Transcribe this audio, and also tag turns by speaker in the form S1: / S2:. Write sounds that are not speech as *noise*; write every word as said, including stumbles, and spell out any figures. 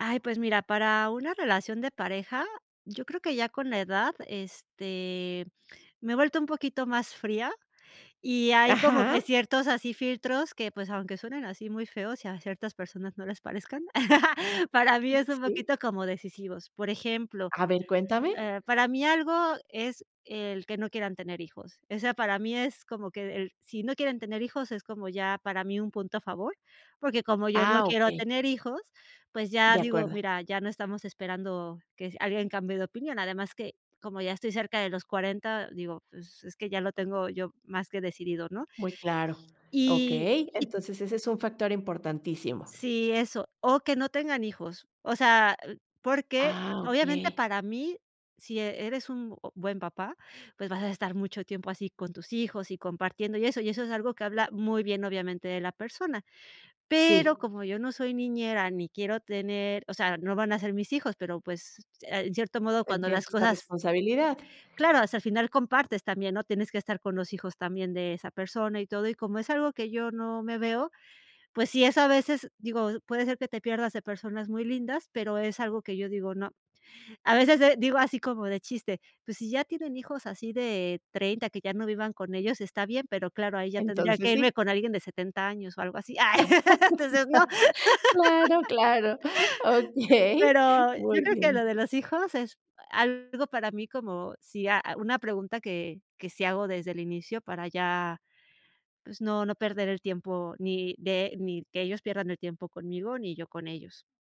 S1: Ay, pues mira, para una relación de pareja, yo creo que ya con la edad, este, me he vuelto un poquito más fría, y hay como
S2: Ajá.
S1: que ciertos así filtros que, pues, aunque suenen así muy feos, y a ciertas personas no les parezcan, *laughs* para mí,
S2: Mm.
S1: es un
S2: Sí.
S1: poquito como decisivos. Por ejemplo,
S2: A ver, cuéntame.
S1: eh, para mí algo, es el que no quieran tener hijos, eso, para mí, es como que el si no quieren tener hijos, es como, ya para mí un punto a favor, porque, como yo no
S2: Ah,
S1: quiero
S2: okey.
S1: tener hijos, pues ya
S2: De
S1: digo,
S2: acuerdo.
S1: mira, ya no estamos esperando que si alguien cambie de opinión, además que, como ya estoy cerca de los cuarenta digo, pues, es que ya lo tengo yo, más que decidido, ¿no?
S2: Muy claro.
S1: Y
S2: Okey,
S1: y
S2: entonces, ese es un factor importantísimo.
S1: Sí, eso, o que no tengan hijos, o sea, l porque,
S2: Ah,
S1: obviamente,
S2: okey.
S1: para mí, si e eres un buen papá, pues, vas a estar mucho tiempo así con tus hijos y compartiendo, y eso y eso es algo que habla muy bien, obviamente, de la persona. Pero,
S2: Sí.
S1: como yo no soy niñera ni quiero tener, o sea, no van a ser mis hijos, pero pues, se en cierto modo, cuando
S2: Tendrías
S1: las
S2: esta
S1: cosas
S2: responsabilidad.
S1: Claro, o sea, al final compartes también, ¿no? Tienes que estar con los hijos, también de esa persona, y todo. Y como es algo que yo no me veo, pues sí es a veces, digo, puede ser que te pierdas de personas muy lindas, pero, es algo que yo digo, no. A veces, eh, digo así como de chiste, pues, si ya tienen hijos así de treinta que ya no vivan con ellos, está bien, pero claro, ahí ya tendría
S2: Entonces,
S1: que irme
S2: sí.
S1: con alguien de setenta años, o algo así. Ay, *laughs* entonces, no.
S2: *laughs* Claro, claro,
S1: *laughs*
S2: okey,
S1: Pero, yo
S2: muy
S1: creo que lo
S2: bien.
S1: de los hijos, es algo para mí como si, a una pregunta que que sí hago desde el inicio, para ya, pues, no no perder el tiempo, ni de ni que ellos pierdan el tiempo conmigo, ni yo con ellos.